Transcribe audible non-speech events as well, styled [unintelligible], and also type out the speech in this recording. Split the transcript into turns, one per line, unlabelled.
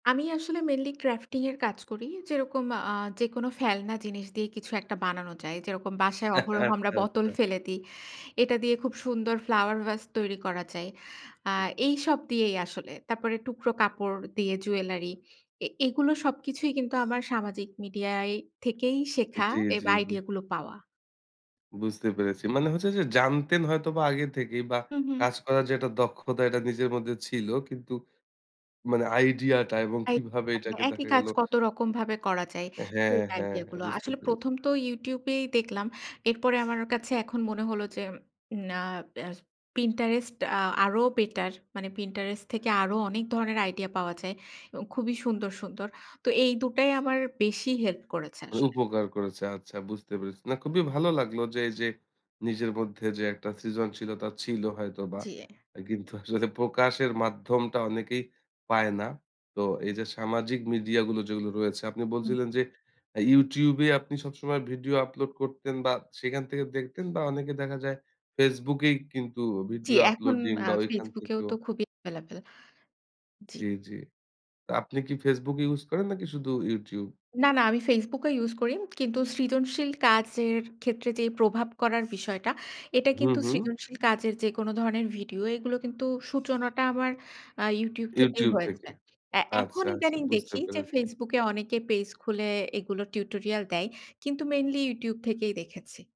আমি আসলে mainly crafting এর কাজ করি। যেরকম আ যেকোনো ফেলনা জিনিস দিয়েই কিছু একটা বানানো যায়। যেরকম বাসায়
[chuckles]
অহরহ আমরা
আচ্ছা,
বোতল
আচ্ছা।
ফেলে দিই। এটা দিয়ে খুব সুন্দর ফ্লাওয়ার ভাস তৈরি করা যায়। আ
[unintelligible]
এইসব দিয়েই আসলে। তারপরে টুকরো কাপড় দিয়ে জুয়েলারি। এ এগুলো সবকিছুই কিন্তু আমার সামাজিক মিডিয়ায় থেকেই শেখা
জ্বী,
এবা
জ্বী, জ্বী।
আইডিয়া গুলো পাওয়া।
বুঝতে পেরেছি। মানে হচ্ছে যে জানতেন হয়তো বা আগে থেকেই বা
হুম, হুম।
কাজ করার যে একটা দক্ষতা এটা নিজের মধ্যে ছিল। কিন্তু মানে আইডিয়াটা এবং
আই
কিভাবে
কখনো
এটাকে
একই
দেখা
কাজ
গেলো।
কত রকমভাবে করা যায়।
হ্যাঁ,
সেই
হ্যাঁ,
আইডিয়া
হ্যাঁ,
গুলো।
বুঝতে
আসলে
পেরেছি।
১ম তো YouTube এই দেখলাম। এরপরে আমার কাছে এখন মনে হল যে না, এ্যার Pinterest আ আরো বেটার। মানে Pinterest থেকে আরও অনেক ধরনের আইডিয়া পাওয়া যায়। এবং খুবই সুন্দর, সুন্দর। তো এই দুটাই আমার বেশি হেল্প করেছে
মানে
আসলে।
উপকার করেছে। আচ্ছা বুঝতে পেরেছি। না খুবই ভালো লাগলো যে এই যে, নিজের মধ্যে যে একটা সৃজনশীলতা ছিল হয়তো বা
জ্বী।
আ কিন্তু [chuckles] আসলে প্রকাশের মাধ্যমটা অনেকেই পায় না। তো এই যে সামাজিক মিডিয়া গুলো যেগুলো রয়েছে, আপনি
হুম।
বলছিলেন যে, অ্যা YouTube এ আপনি সবসময় ভিডিও আপলোড করতেন বা সেখান থেকে দেখতেন বা অনেকে দেখা যায়, FaceBook এই কিন্তু
জ্বী,
ভিডিও
যখন
আপলোডিং
আ
বা ঐখান
FaceBook এও
থেকেও
তো খুবই এভেইলেবল। জ্বি।
জ্বী, জ্বী। তো আপনি কি FaceBook use করেন নাকি শুধু YouTube?
না, না, আমি FaceBook ও ইউস করি। কিন্তু সৃজনশীল কাজের ক্ষেত্রে যেই প্রভাব করার বিষয়টা, এটা
হুম,
কিন্তু
হুম।
সৃজনশীল কাজের যেকোনো ধরনের ভিডিও, এগুলো কিন্তু সূচনাটা আমার আ YouTube থেকেই
YouTube থেকে।
হয়েছে। অ্যা এখন
আচ্ছা, আচ্ছা।
ইদানিং
বুঝতে
দেখি যে
পেরেছি।
FaceBook এ অনেকে পেজ খুলে এগুলো টিউটোরিয়াল দেয়। কিন্তু মেইনলি YouTube থেকেই দেখেছি।